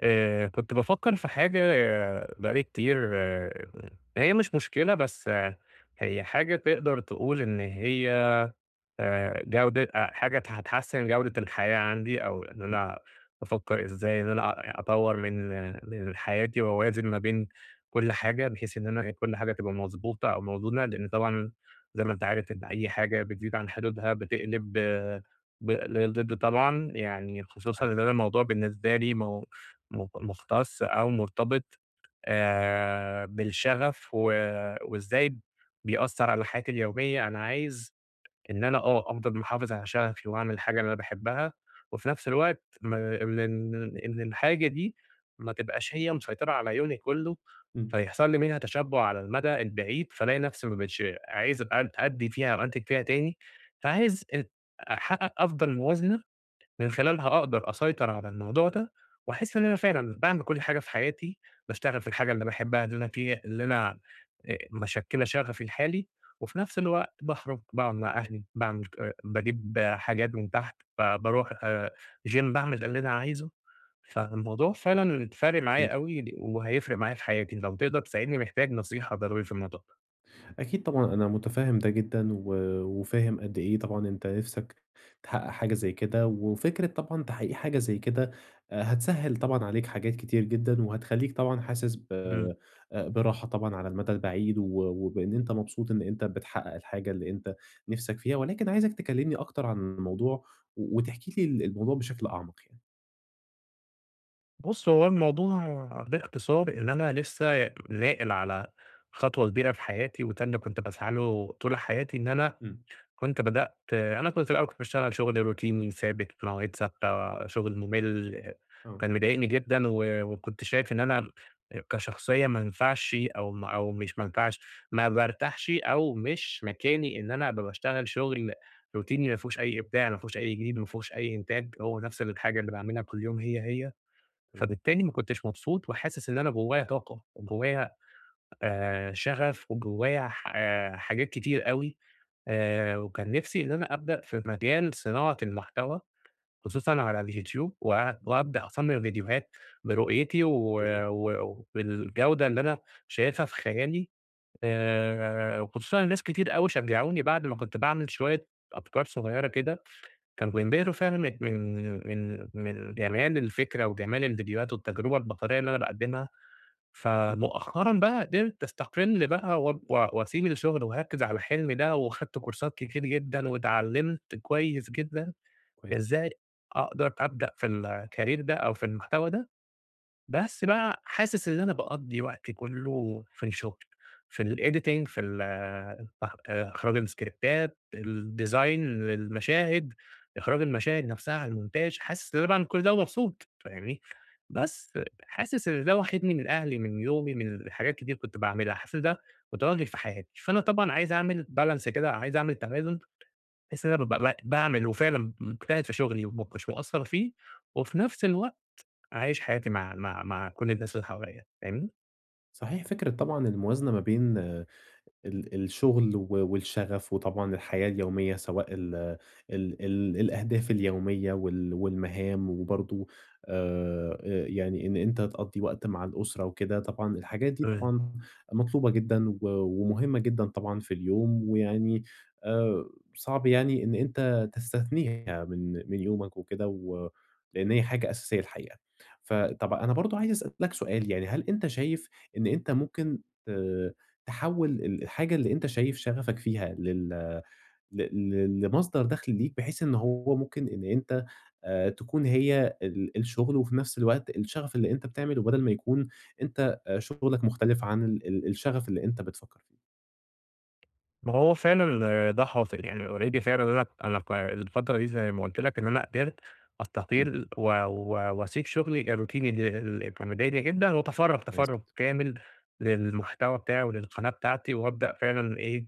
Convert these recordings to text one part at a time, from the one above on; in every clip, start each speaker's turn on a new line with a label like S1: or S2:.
S1: آآ، كنت بافكّر في حاجة بقى لي كتير هي مش مشكلة، بس هي حاجة تقدر تقول إن هي آآ، جودة آآ، حاجة هت هتحسِّن جودة الحياة عندي أو إن
S2: [unintelligible]
S1: أنا بافكّر إزاي إن أنا أ أطوّر من من حياتي وأوازن ما بين كل حاجة، بحيث إن أنا كل حاجة تبقى مضبوطة أو موزونة، لإن طبعًا زي ما أنت عارف إن أي حاجة بتزيد عن حدودها بتقلِب ب للضِد طبعًا، يعني خصوصًا
S2: صحيح.
S1: إن أنا الموضوع بالنسبه لي م م مُختَص أو مُرتبط آآ، بالشَغَف و وإزاي بيأثّر على حياتي اليومية. أنا عايز إن أنا آه، أفضل محافِظ على شَغَفي وأعمل الحاجة اللي أنا باحبّها وفي نَفْس الوقت ما إن إن إن الحاجة دي ما تبقاش هي مسيطرة على يومي كُلّه،
S2: إمم.
S1: فيحصل لي منها تشبُّع على المَدى البعيد، فالاقي نَفْسي ما بقيتش عايز أد أدّي فيها أو أنتِج فيها تاني، فعايز ات أحقّق أفضل موازنة من خلالها أقدر أسيطر على الموضوع ده وأحِس إن أنا فعلًا باعمل كل حاجة في حياتي، باشتغل في الحاجة اللي باحبّها اللي أنا في اللي أنا آآ مِشكِّلة شَغَفي الحالي وفي نَفْس الوقت باخرُج، باقعُد مع أهلي، باعمل ك باجيب حاجات من تحت، ب باروح آآ gym، باعمل اللي أنا عايزه، فالموضوع فعلًا فارق معايا أوي
S2: [unintelligible]
S1: ل وهيفرق معايا في حياتي، لو تقدر تساعدني، محتاج نصيحة ضروري في الموضوع ده؟
S2: أكيد طبعًا، أنا متفهم ده جدًا، و وفاهم قد إيه طبعًا أنت نفسك تحقق حاجة زي كده، وفكرة طبعًا تحقيق حاجة زي كده، هتسهِّل طبعًا عليك حاجات كتير جدًا، وهتخلّيك طبعًا حاسس ب
S1: إمم.
S2: براحة طبعًا على المدى البعيد، و وبإن أنت مبسوط إن أنت بتحقق الحاجة اللي أنت نفسك فيها، ولكن عايزك تكلمني أكتر عن الموضوع، و وتحكي لي ال الموضوع بشكل أعمق يعني.
S1: بُص هو الموضوع باختصار إن أنا لسه ناقل على خطوة كبيرة في حياتي، وده اللي كنت باسعى له طول حياتي، إن أنا
S2: إمم.
S1: كنت بدأت أنا كنت في الأول كنت باشتغل شغل روتيني ثابت، في مواعيد ثابتة، شغل مُمل،
S2: آه.
S1: كان مضايقني جدًا، و وكنت شايف إن أنا كشخصية ما أنفعش أو م أو مش ما أنفعش، ما بارتاحش، أو مش مكاني إن أنا أبقى باشتغل شغل روتيني ما فيهوش أي إبداع، ما فيهوش أي جديد، ما فيهوش أي إنتاج، هو نفس الحاجة اللي باعملها كل يوم هي، هي.
S2: تمام.
S1: فبالتالي ما كنتش مبسوط وحاسس إن أنا جوايّا طاقة، وجوايّا آآ شغف وجوايّا ح آآ حاجات كتير أوي، آآ وكان نفسي إن أنا أبدأ في مجال صناعة المحتوى، خصوصًا على اليوتيوب و وأبدأ أصمم فيديوهات برؤيتي و
S2: [unintelligible]
S1: وبالجودة اللي أنا شايفها في خيالي، آآ وخصوصًا إن ناس كتير أوي شجعوني، بعد ما كنت باعمل شوية أفكار صغيرة كده، كانوا بينبهروا فعلًا من من من من جمال الفكرة، وجمال الفيديوهات والتجربة البصرية اللي أنا باقدِّمها،
S2: إمم.
S1: فمؤخرًا بقى قدرت أستقل بقى واب و وأسيب الشغل وأركِّز على حلمي ده، وخدت كورسات كتير جدًا، واتعلمت كويس جدًا،
S2: كويس.
S1: إزاي أقدر أبدأ في الcareer ده، أو في المحتوى ده، بس بقى حاسس إن أنا باقضي وقتي كله في الشغل، في الediting في الإح إخراج الاسكريبتات، الdesign المشاهد، إخراج المشاهد نفسها الmontage حاسس إن أنا باعمل كل ده ومبسوط، فاهمني؟ بس حاسس إن ده واخدني من أهلي، من يومي، من حاجات كتير كنت باعملها، حاسس ده متوغِّل في حياتي، فأنا طبعًا عايز أعمل balance كده، عايز أعمل توازن بحيث إن أنا أبقى ب ب باعمل وفعلًا مجتهد في شغلي وما أكونش مأثر فيه، وفي نفس الوقت عايش حياتي مع مع مع كل الناس اللي حواليّا، فاهمني؟
S2: صحيح فكرة طبعًا الموازنة ما بين ال الشغل و والشغف وطبعًا الحياة اليومية، سواء ال ال ال الأهداف اليومية وال والمهام وبرضو آآ، آآ يعني إن أنت تقضِّي وقت مع الأسرة وكده، طبعًا الحاجات دي
S1: تمام.
S2: طبعًا مطلوبة جدًا و ومهمة جدًا طبعًا في اليوم، ويعني آآ، صعب يعني إن أنت تستثنيها من من يومك وكده و لأن هي حاجة أساسية الحقيقة. فطَب أنا برضو عايز أسأل لك سؤال، يعني هل أنت شايف إن أنت ممكن ت تحوِّل ال الحاجة اللي أنت شايف شغفك فيها لل ل ل لمصدر دخل ليك، بحيث إن هو ممكن إن أنت آآ، تكون هي ال الشغل وفي نَفس الوقت الشغف اللي أنت بتعمله، بدل ما يكون أنت شغلك مختلف عن ال ال الشغف اللي أنت بتفكر فيه؟
S1: ما هو فعلًا ال ده حاصل يعني already فعلًا، أنا أنا ف الفترة دي زي ما قُلت لك إن أنا قدرت
S2: إمم.
S1: أستقيل و و وأسيب شغلي الروتيني اللي اللي كان مضايقني جدًا، وأتفرَّغ
S2: كويس
S1: تفرُّغ
S2: جدًا.
S1: كامل للمحتوى بتاعي وللقناة بتاعتي، وابدأ فعلًا إيه،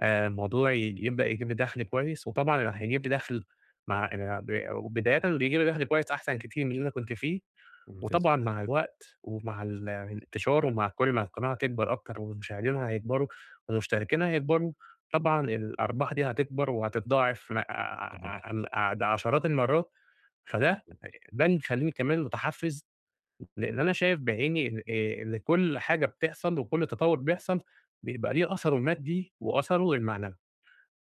S1: آآ، الموضوع يج يبدأ يجيب لي دخل كويس، وطبعًا هيجيب لي دخل مع آآ، ب وبدايةً بيجيب لي دخل كويس أحسن كتير من اللي أنا كنت فيه،
S2: ممتاز.
S1: وطبعًا مع الوقت ومع ال الإنتشار ومع كُلّ ما القناة تكبر أكتر والمشاهدين هيكبروا والمشتركين هيكبروا، طبعًا الأرباح دي هتكبر وهتتضاعف ع
S2: تمام.
S1: عم د عشرات المرات، فده
S2: امم.
S1: ده اللي مخلّيني كمان متحفز، لأن أنا شايف بعيني إن آآ إن كُلّ حاجة بتحصل وكُلّ تطوُّر بيحصل بيبقى ليه أثره المادي وأثره المعنوي.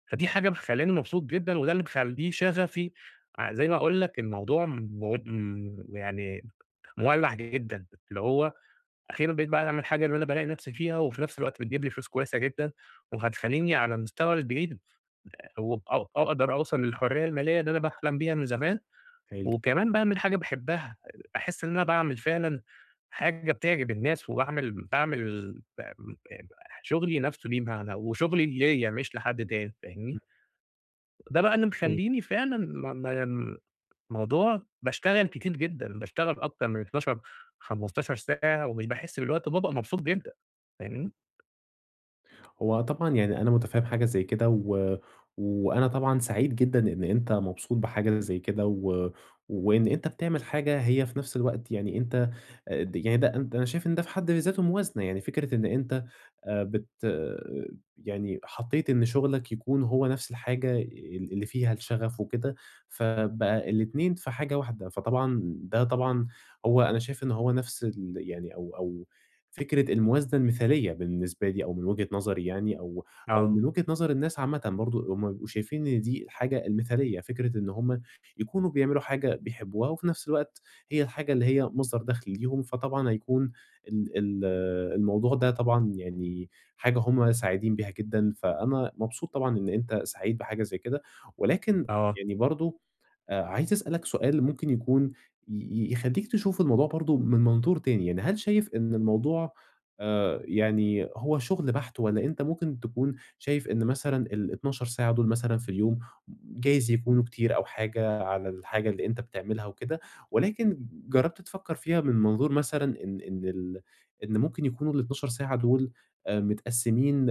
S1: فدي حاجة مخلّياني مبسوط جدًا، وده اللي مخلّيه شغفي ع زي ما باقول لك الموضوع مو م يعني مولّع جدًا، اللي هو أخيرًا بقيت باعمل حاجة اللي أنا بالاقي نَفسي فيها وفي نَفس الوقت بتجيب لي فلوس كويسة جدًا، وهتخلّيني على المستوى البعيد آآ، وأ أ أقدر أوصل للحرية المالية اللي أنا باحلم بيها من زمان
S2: هايل.
S1: وكمان باعمل حاجة باحبها، آآ، أحس إن أنا باعمل فعلًا حاجة بتعجب الناس، وباعمل باعمل ب م مح شغلي نَفسه ليه معنى وشغلي ليّا مش لحد تاني، فاهمني؟
S2: امم.
S1: ده بقى اللي
S2: حلو.
S1: مخليني فعلًا م م الموضوع باشتغل كتير جدًا، باشتغل أكتر من 12، 15 ساعة ومش باحس بالوقت وبابقى مبسوط جدًا، فاهمني؟
S2: امم. هو طبعًا يعني أنا متفهّم حاجة زي كده، و وأنا طبعًا سعيد جدًا إن أنت مبسوط بحاجة زي كده و وإن أنت بتعمل حاجة هي في نفْس الوقت يعني أنت أ د يعني ده أنت أنا شايف إن ده في حد ذاته موازنة، يعني فكرة إن أنت آآ بت يعني حطيت إن شغلك يكون هو نفْس الحاجة ال اللي فيها الشغف وكده، فبقى الاتنين في حاجة واحدة، فطبعًا ده طبعًا هو أنا شايف إن هو نفْس ال يعني أو أو فكرة الموازنة المثالية بالنسبة لي أو من وجهة نظري يعني أو أو
S1: آه.
S2: من وجهة نظر الناس عامةً برضه هُم بيبقوا شايفين إن دي الحاجة المثالية، فكرة إن هُم يكونوا بيعملوا حاجة بيحبوها وفي نفْس الوقت هي الحاجة اللي هي مصدر دخل ليهم، فطبعًا هيكون ال ال الموضوع ده طبعًا يعني حاجة هُم سعيدين بيها جدًا، فأنا مبسوط طبعًا إن أنت سعيد بحاجة زي كده، ولكن
S1: آه.
S2: يعني برضه آآ، عايز أسألك سؤال ممكن يكون ي يخلّيك تشوف الموضوع برضه من منظور تاني، يعني هل شايف إن الموضوع آآ يعني هو شغل بحت، والَّا أنت ممكن تكون شايف إن مثلًا ال12 ساعة دُول مثلًا في اليوم، جايز يكونوا كتير أو حاجة على الحاجة اللي أنت بتعملها وكده، ولكن جرّبت تفكّر فيها من منظور مثلًا إن إن ال إن ممكن يكونوا ال12 ساعة دُول، آآ، متقسمين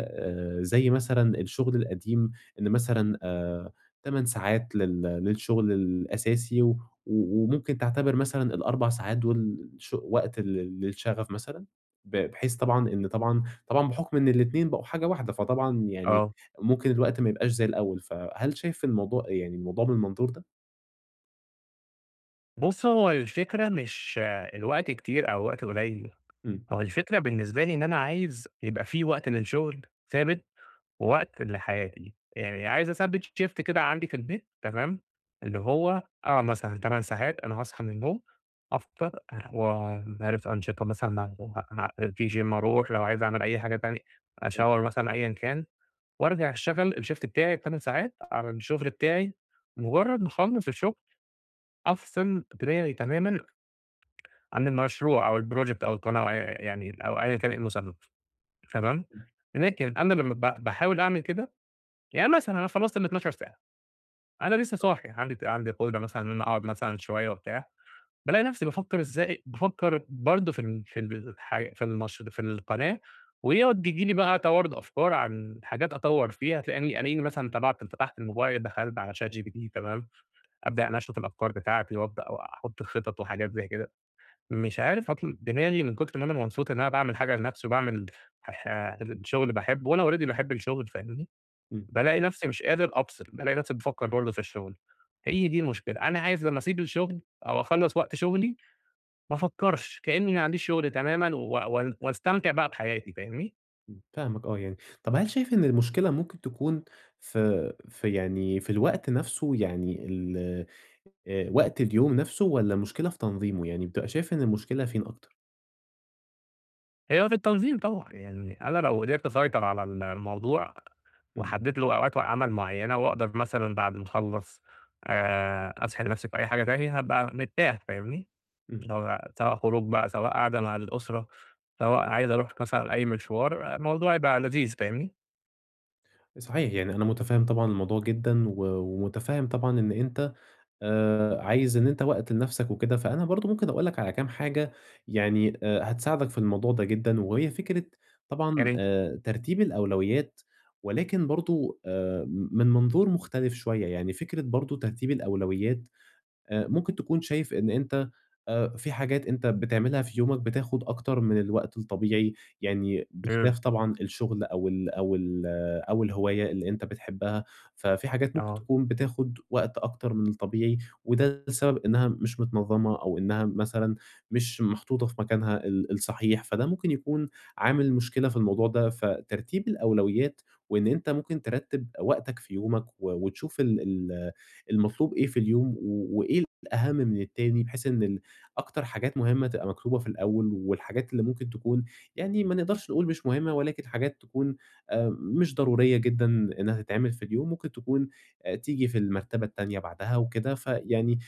S2: زي مثلًا الشغل القديم إن مثلًا آآ 8 ساعات لل للشغل الأساسي و و وممكن تعتبر مثلًا ال4 ساعات دُول ش وقت لل للشغف مثلًا، ب بحيث طبعًا إن طبعًا طبعًا بحكم إن الاتنين بقوا حاجة واحدة، فطبعًا يعني
S1: آه.
S2: ممكن الوقت ما يبقاش زي الأول، فهل شايف الموضوع يعني الموضوع بالمنظور ده؟
S1: بُصّ هو الفكرة مش الوقت كتير أو الوقت قليّل،
S2: إمم.
S1: هو الفكرة بالنسبة لي إن أنا عايز يبقى في وقت للشغل ثابت ووقت لحياتي، يعني عايز أثبِّت Shift كده عندي في البيت تمام، اللي هو آه، مثلًا 8 ساعات أنا هاصحى من النوم، أفطر آآ، وعارف أنشطة مثلًا ه ه في Gym أروح لو عايز أعمل أي حاجة تانية،
S2: امم.
S1: shower مثلًا أيًا كان، وارجع أشتغل الShift بتاعي ال8 ساعات، على الشغل بتاعي مجرّد ما أخلّص الشغل، أفصل دماغي تمامًا، عن المشروع أو الproject أو القناة أو ي يعني أو أيًا كان إيه المسمى، تمام،
S2: امم.
S1: لكن أنا لمّا ب باحاول أعمل كده، يعني مثلًا أنا خلّصت ال12 ساعة، أنا لسّه
S2: آه.
S1: صاحي عندي ت عندي قدرة مثلًا إن أنا أقعد مثلًا شوية وبتاع، بالاقي نفْسي بافكّر إزاي بافكّر برضه في ال في ال ح في المش في القناة، ويقعد بييجي لي بقى توارد أفكار عن حاجات أطوّر فيها، تلاقيني ألاقيني مثلًا طبعت فتحت الموبايل، دخلت على ChatGPT تمام، أبدأ أنشّط الأفكار بتاعتي وأبدأ واحط الخطط وحاجات زي كده، مش عارف أطل دماغي من كتر ما أنا مبسوط إن أنا باعمل حاجة لنفْسي وباعمل ح ح شغل باحبه وأنا already باحب الشغل فاهمني،
S2: إمم.
S1: بالاقي نفْسي مش قادر أفصل، بالاقي نفْسي بافكّر برضه في الشغل، هي دي المشكلة، أنا عايز لمّا أسيب الشغل أو أخلّص وقت شغلي، ما أفكّرش، كإني ما عنديش شغل تمامًا و وأن وأستمتع بقى بحياتي، فاهمني؟
S2: إمم، فاهمك آه يعني. طَب هل شايف إن المشكلة ممكن تكون في في يعني في الوقت نَفْسه؟ يعني ال آآ وقت اليوم نَفْسه والّا مشكلة في تنظيمه، يعني بتبقى شايف إن المشكلة فين أكتر؟
S1: هي في التنظيم طبعًا. يعني أنا لو قدرت أسيطر على ال الموضوع
S2: إمم.
S1: وحدِّدت اللي هو أوقات عمل معيّنة وأقدر مثلًا بعد ما أخلّص آآ أسحِل نَفْسي في أي حاجة تانية، هابقى مرتاح فاهمني؟
S2: إمم.
S1: اللي هو سواء خروج بقى، سواء قاعدة مع الأسرة، سواء عايز أروح مثلًا أي مشوار، الموضوع يبقى لذيذ فاهمني؟
S2: صحيح، يعني أنا مُتفهِّم طبعًا الموضوع جدًا و ومُتفهِّم طبعًا إن أنت آآ عايز إن أنت وقت لنَفْسك وكده، فأنا برضه ممكن أقول لك على كام حاجة يعني آآ هتساعدك في الموضوع ده جدًا وهي فكرة طبعًا
S1: يا ري
S2: آآ ترتيب الأولويات ولكن برضه آآ م من منظور مختلف شوية. يعني فكرة برضه ترتيب الأولويات، آآ ممكن تكون شايف إن أنت آآ في حاجات أنت بتعملها في يومك بتاخُد أكتر من الوقت الطبيعي يعني
S1: إمم.
S2: بخلاف طبعًا الشُغل أو ال أو ال أو الهواية اللي أنت بتحبّها، ففي حاجات ممكن
S1: آه.
S2: تكون بتاخُد وقت أكتر من الطبيعي وده السبب إنّها مش متنظَّمة أو إنّها مثلًا مش محطوطة في مكانها ال الصحيح، فده ممكن يكون عامل مشكلة في الموضوع ده. فترتيب الأولويات وإن أنت ممكن ترتِّب وقتك في يومك و وتشوف ال ال المطلوب إيه في اليوم و وإيه الأهَم من التاني بحيث إن ال أكتر حاجات مهمة تبقى مكتوبة في الأول والحاجات اللي ممكن تكون يعني ما نقدرش نقول مش مهمة ولكن حاجات تكون آآ مش ضرورية جدًا إنّها تتعمل في اليوم، ممكن تكون آآ تيجي في المرتبة التانية بعدها وكده، فيعني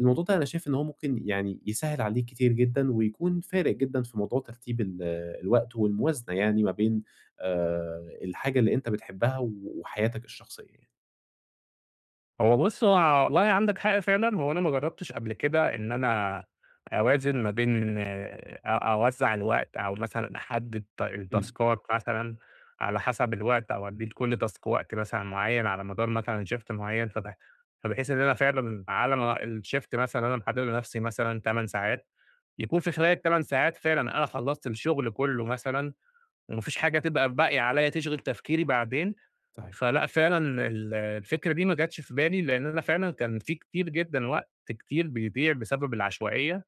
S2: الموضوع ده أنا شايف إن هو ممكن يعني يسهِّل عليك كتير جدًا ويكون فارق جدًا في موضوع ترتيب ال الوقت والموازنة يعني ما بين آآ الحاجة اللي أنت بتحبّها و وحياتك الشخصية يعني.
S1: هو بُص، هو والله عندك حق فعلًا، هو أنا ما جرّبتش قبل كده إن أنا أوازن ما بين أ أوزَّع الوقت أو مثلًا أحدّد ت
S2: إمم.
S1: التاسكات مثلًا على حَسَب الوقت أو أدّي لكل تاسك وقت مثلًا معيّن على مدار مثلًا shift معيّن، فب فبحيث إن أنا فعلًا على ما الshift مثلًا اللي أنا محدّده لنَفْسي مثلًا 8 ساعات، يكون في خلال ال8 ساعات فعلًا أنا خلّصت الشُغل كُلّه مثلًا وما فيش حاجة تبقى باقية عليّا تشغِل تفكيري بعدين
S2: صحيح.
S1: فلأ، فعلًا ال الفكرة دي ما جاتش في بالي، لإن أنا فعلًا كان في كتير جدًا وقت كتير بيضيع بسبب العشوائية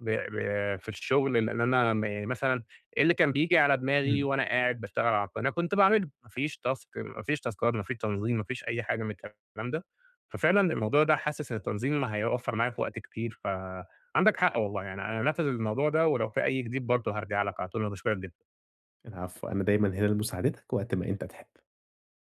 S1: ب ب في الشُغل، لإن أنا م مثلًا اللي كان بييجي على دماغي
S2: إمم.
S1: وأنا قاعد باشتغل على القناة كنت باعمله، ما فيش تاسك ما فيش تاسكات، ما فيش تنظيم، ما فيش أي حاجة من الكلام ده. ففعلًا الموضوع ده حاسِس إن التنظيم ما هيوفَّر معايا في وقت كتير، فعندك حق والله، يعني أنا هانفِّذ الموضوع ده ولو في أي جديد برضه هارجع لك على طول، أنا باشكُرك جدًا.
S2: العفو، أنا دايمًا هنا لمساعدتك وقت ما أنت تحِب.